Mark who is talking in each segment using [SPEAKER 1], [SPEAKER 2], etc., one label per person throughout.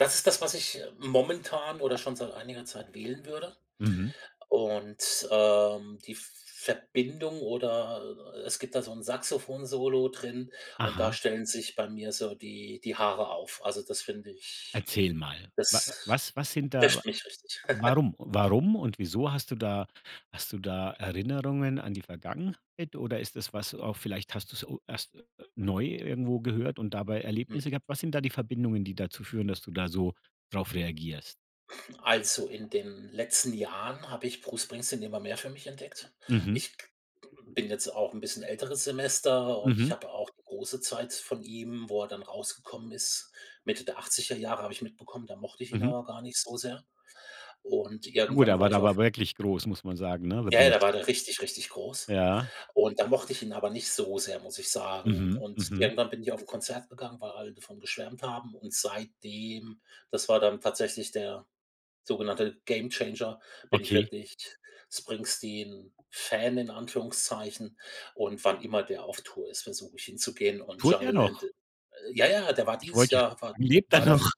[SPEAKER 1] Das ist das, was ich momentan oder schon seit einiger Zeit wählen würde.
[SPEAKER 2] Mhm.
[SPEAKER 1] Und, ähm, die Verbindung oder es gibt da so 'n Saxophon-Solo drin und da
[SPEAKER 2] Aha.
[SPEAKER 1] stellen sich bei mir so die die Haare auf. Also, das finde ich
[SPEAKER 2] Erzähl mal. Wa
[SPEAKER 1] das
[SPEAKER 2] was was sind da
[SPEAKER 1] trifft mich richtig.
[SPEAKER 2] warum warum und wieso hast du da hast du da Erinnerungen an die Vergangenheit oder ist das, was du auch vielleicht hast du's u erst neu irgendwo gehört und dabei
[SPEAKER 1] Hm.
[SPEAKER 2] Erlebnisse gehabt? Was sind da die Verbindungen, die dazu führen, dass du da so drauf reagierst?
[SPEAKER 1] Also, in den letzten Jahren habe ich Bruce Springsteen immer mehr für mich entdeckt.
[SPEAKER 2] Mhm.
[SPEAKER 1] Ich bin jetzt auch 'n bisschen älteres Semester und ich
[SPEAKER 2] Mhm.
[SPEAKER 1] habe auch große Zeit von ihm, wo er dann rausgekommen ist Mitte der 80er- Jahre habe ich mitbekommen, da mochte ich ihn
[SPEAKER 2] Mhm.
[SPEAKER 1] aber gar nicht so sehr. Und
[SPEAKER 2] Na gut,
[SPEAKER 1] irgendwann
[SPEAKER 2] da war
[SPEAKER 1] war
[SPEAKER 2] der
[SPEAKER 1] ich
[SPEAKER 2] aber
[SPEAKER 1] auf
[SPEAKER 2] wirklich groß, muss man sagen, ne?
[SPEAKER 1] Ja, da war
[SPEAKER 2] [unintelligible]
[SPEAKER 1] der richtig, richtig groß.
[SPEAKER 2] Ja.
[SPEAKER 1] Und da mochte ich ihn aber nicht so sehr, muss ich sagen.
[SPEAKER 2] Mhm,
[SPEAKER 1] Und
[SPEAKER 2] mhm.
[SPEAKER 1] irgendwann bin ich auf 'n Konzert gegangen, weil alle davon geschwärmt haben und seitdem das war dann tatsächlich der sogenannte Gamechanger,- bin ich
[SPEAKER 2] Okay.
[SPEAKER 1] wirklich Springsteen-Fan in Anführungszeichen und wann immer der auf Tour ist, versuche ich hinzugehen und
[SPEAKER 2] Tourt der
[SPEAKER 1] „Jungleland“
[SPEAKER 2] noch?
[SPEAKER 1] Ja, ja, der war
[SPEAKER 2] Ich
[SPEAKER 1] dieses
[SPEAKER 2] wollte ja
[SPEAKER 1] Jahr war
[SPEAKER 2] [unintelligible] lebt er
[SPEAKER 1] war der v
[SPEAKER 2] noch?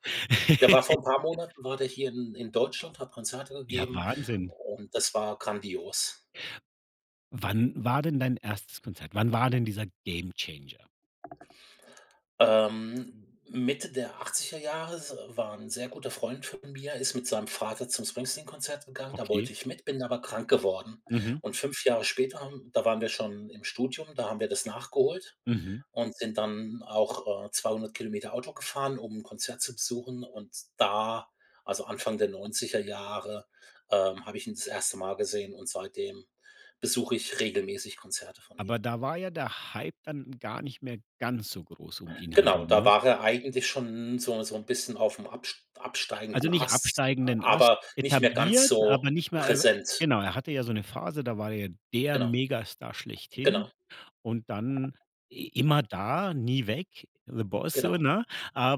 [SPEAKER 1] der war vor 'n paar Monaten war der hier in in Deutschland, hat Konzerte
[SPEAKER 2] Ja,
[SPEAKER 1] gegeben
[SPEAKER 2] Wahnsinn.
[SPEAKER 1] und das war grandios.
[SPEAKER 2] Wann war denn dein 1. Konzert? Wann war denn dieser Gamechanger?
[SPEAKER 1] Ähm, mitte der 80er- Jahre s war 'n sehr guter Freund von mir ist mit seinem Vater zum Springsteen-Konzert gegangen. Da
[SPEAKER 2] Okay.
[SPEAKER 1] wollte ich mit, bin aber krank geworden.
[SPEAKER 2] Mhm.
[SPEAKER 1] Und 5 Jahre später haben da waren wir schon im Studium, da haben wir das nachgeholt
[SPEAKER 2] Mhm.
[SPEAKER 1] und sind dann auch, äh, 200 km Auto gefahren, um 'n Konzert zu besuchen. Und da also Anfang der 90er- Jahre, ähm, habe ich ihn das 1. Mal gesehen und seitdem besuche ich regelmäßig Konzerte von ihm.
[SPEAKER 2] Aber da war ja der Hype dann gar nicht mehr ganz so groß um ihn herum,
[SPEAKER 1] Genau, da
[SPEAKER 2] ne?
[SPEAKER 1] war er eigentlich schon so so 'n bisschen auf'm abst
[SPEAKER 2] Also,
[SPEAKER 1] absteigenden
[SPEAKER 2] nicht
[SPEAKER 1] Ast,
[SPEAKER 2] absteigenden Ast,
[SPEAKER 1] aber nicht mehr ganz
[SPEAKER 2] etabliert,
[SPEAKER 1] so
[SPEAKER 2] aber nicht mehr äh,
[SPEAKER 1] präsent.
[SPEAKER 2] genau, er hatte ja so 'ne Phase, da war er der
[SPEAKER 1] Genau.
[SPEAKER 2] Megastar schlechthin
[SPEAKER 1] Genau.
[SPEAKER 2] und dann i immer da, nie weg, the Boss so,
[SPEAKER 1] Genau.
[SPEAKER 2] ne?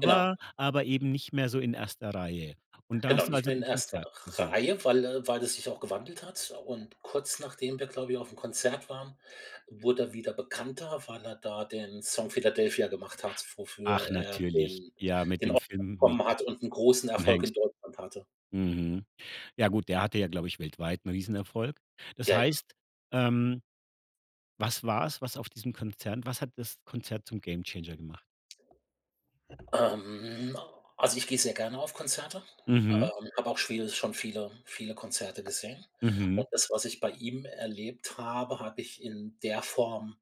[SPEAKER 1] Genau.
[SPEAKER 2] aber eben nicht mehr so in 1. Reihe. Und da
[SPEAKER 1] Genau,
[SPEAKER 2] hast du
[SPEAKER 1] nicht
[SPEAKER 2] also
[SPEAKER 1] mehr in
[SPEAKER 2] 'n
[SPEAKER 1] 1.
[SPEAKER 2] Konzert
[SPEAKER 1] R
[SPEAKER 2] besucht?
[SPEAKER 1] Reihe, weil äh, weil es sich auch gewandelt hat. Und kurz nachdem wir, glaube ich, auf'm Konzert waren, wurde er wieder bekannter, weil er da den Song „Philadelphia“ gemacht hat, wofür
[SPEAKER 2] Ach
[SPEAKER 1] er
[SPEAKER 2] natürlich.
[SPEAKER 1] den
[SPEAKER 2] Ja, mit
[SPEAKER 1] den
[SPEAKER 2] dem
[SPEAKER 1] Oscar
[SPEAKER 2] Film mit
[SPEAKER 1] bekommen hat und großen 'n
[SPEAKER 2] Tom
[SPEAKER 1] Erfolg
[SPEAKER 2] Hanks.
[SPEAKER 1] in Deutschland hatte.
[SPEAKER 2] Mhm. Ja gut, der hatte ja, glaube ich, weltweit 'n riesen Erfolg. Das
[SPEAKER 1] Ja, ja.
[SPEAKER 2] heißt, ähm, was war's, was auf diesem Konzert was hat das Konzert zum Gamechanger gemacht?
[SPEAKER 1] Ähm, also ich gehe sehr gerne auf Konzerte, ähm,
[SPEAKER 2] Mhm.
[SPEAKER 1] hab auch schwi schon viele, viele Konzerte gesehen.
[SPEAKER 2] Mhm.
[SPEAKER 1] Und das, was ich bei ihm erlebt habe, habe ich in der Form